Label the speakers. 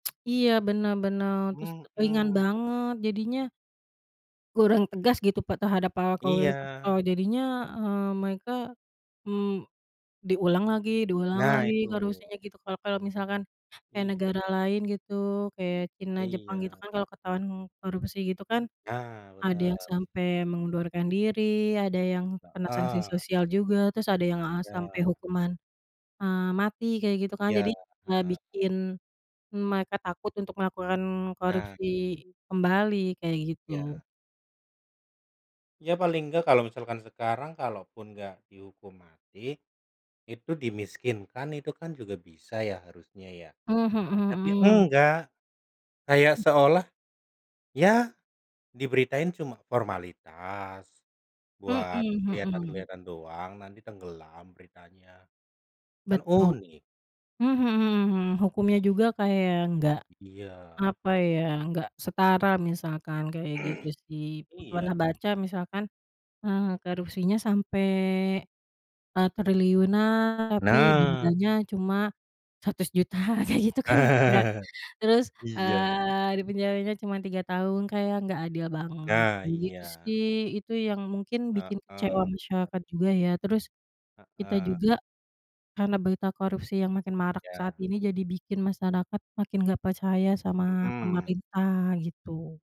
Speaker 1: Iya, bener bener, terus ringan
Speaker 2: Mhm.
Speaker 1: banget, jadinya kurang tegas gitu, Pak, terhadap para koruptor.
Speaker 2: Iya.
Speaker 1: Jadinya, eee, mereka, mmm, diulang lagi diulang
Speaker 2: Nah
Speaker 1: lagi,
Speaker 2: itu.
Speaker 1: gak harusnya gitu kalau kalau misalkan kayak
Speaker 2: Iya.
Speaker 1: negara lain gitu kayak China, Jepang, gitu
Speaker 2: Iya.
Speaker 1: kan kalau ketahuan korupsi gitu kan,
Speaker 2: Nah,
Speaker 1: ada
Speaker 2: bener.
Speaker 1: yang sampai mengundurkan diri, ada yang kena sanksi
Speaker 2: Heeh.
Speaker 1: sosial juga, terus ada yang, eee, sampai
Speaker 2: Iya.
Speaker 1: hukuman, eee, mati kayak gitu kan. Jadi
Speaker 2: Iya,
Speaker 1: nggak
Speaker 2: heeh.
Speaker 1: bikin mereka takut untuk melakukan
Speaker 2: Nah.
Speaker 1: korupsi kembali, kayak gitu.
Speaker 2: Iya. Ya paling enggak kalau misalkan sekarang kalaupun nggak dihukum mati, itu dimiskinkan itu kan juga bisa ya harusnya ya.
Speaker 1: Mmm, mhm
Speaker 2: Tapi
Speaker 1: mhm.
Speaker 2: enggak, kayak
Speaker 1: Hmm.
Speaker 2: seolah ya diberitain cuma formalitas,
Speaker 1: Mhm
Speaker 2: buat
Speaker 1: mhm.
Speaker 2: kelihatan-kelihatan doang nanti tenggelam beritanya, kan
Speaker 1: Betul,
Speaker 2: unik.
Speaker 1: mhm mhm. Hukumnya juga kayak enggak,
Speaker 2: I iya.
Speaker 1: apa ya, enggak setara misalkan, kayak gitu sih. Pernah
Speaker 2: Iya.
Speaker 1: baca misalkan, eee, korupsinya sampai, eee, triliunan tapi
Speaker 2: Nah.
Speaker 1: jumlahnya cuma Rp100.000.000 aja gitu kan, enggak terus,
Speaker 2: Iya.
Speaker 1: eee, dipenjaranya cuma 3 tahun, kayak enggak adil banget
Speaker 2: Nah,
Speaker 1: gitu
Speaker 2: iya.
Speaker 1: sih. Itu yang mungkin bikin kecewa
Speaker 2: Heeh.
Speaker 1: masyarakat juga ya, terus kita
Speaker 2: Heeh.
Speaker 1: juga karena berita korupsi yang makin marak saat
Speaker 2: Iya.
Speaker 1: ini jadi bikin masyarakat makin gak percaya sama
Speaker 2: Mhm.
Speaker 1: pemerintah gitu.